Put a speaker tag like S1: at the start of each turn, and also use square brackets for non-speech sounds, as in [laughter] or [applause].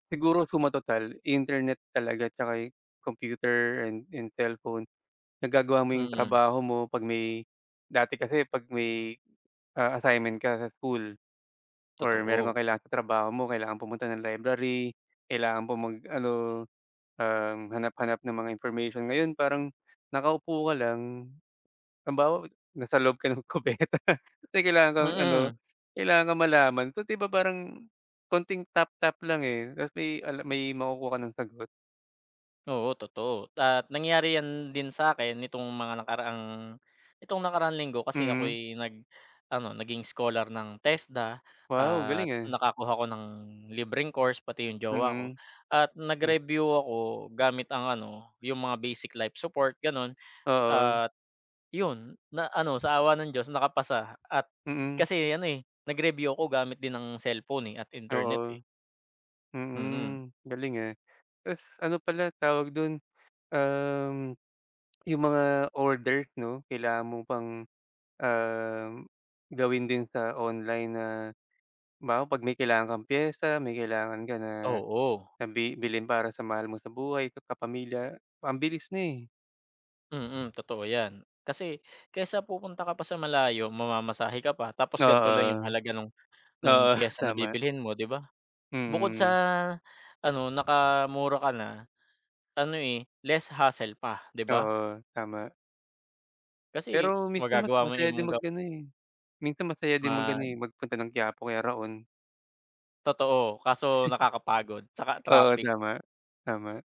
S1: Siguro suma total internet talaga at saka computer and and cellphone. Nagagawa mo yung
S2: Mm.
S1: trabaho mo pag may, dati kasi pag may, ah, assignment ka sa school. Or meron
S2: Totoo.
S1: kang kailangan sa trabaho mo kailangan pumunta ng library, kailangan po mag ano, um, hanap-hanap ng mga information. Ngayon parang, nakaupo ka lang, halimbawa nasa loob ka ng kubeta kasi kailangan kang ano,
S2: Mm.
S1: kailangan kang malaman kung 'di ba parang, konting tap-tap lang eh, tapos may may makukuha ka ng sagot.
S2: Oo totoo at nangyari yan din sa akin nitong mga nakaraang, nitong nakaraang linggo kasi ako
S1: Mm.
S2: ay nag ano naging scholar ng TESDA
S1: Wow
S2: at
S1: galing ah.
S2: nakakuha ako ng libreng course pati yung jowa ko
S1: Mm.
S2: at
S1: Eh.
S2: nag-review ako gamit ang ano, yung mga basic life support ganun,
S1: Oo.
S2: at yun, na ano sa awa ng Diyos nakapasa at,
S1: Mm.
S2: kasi ano eh, nag-review ako gamit din ng cellphone eh at internet
S1: Oo.
S2: eh. Mm.
S1: Mm, galing eh. Tapos ano pala tawag dun, um. Yung mga order 'no kailangan mo pang, um, gawin din sa online na, halimbawa pag may kailangan kang piyesa, may kailangan ka na
S2: Oo.
S1: na bibilin para sa mahal mo sa buhay, sa kapamilya, ang bilis na eh.
S2: Mm, totoo yan, kasi kesa pupunta ka pa sa malayo, mamamasahe ka pa, tapos ganito lang yung
S1: Oo.
S2: halaga nung nung
S1: Oo,
S2: piyesa na
S1: tama.
S2: bibilhin mo 'di ba? Bukod sa
S1: Mm.
S2: ano nakamura ka na, ano eh, less hassle pa 'di ba?
S1: Oo, tama.
S2: Kasi
S1: Pero minsan mas
S2: magagawa mo yung
S1: masaya
S2: ibang
S1: din mag ano eh, minsan masaya din mag
S2: Ma
S1: ano eh, magpunta ng Quiapo o kaya Raon.
S2: Totoo kaso nakakapagod saka
S1: [chuckles] Oo
S2: traffic.
S1: tama, tama.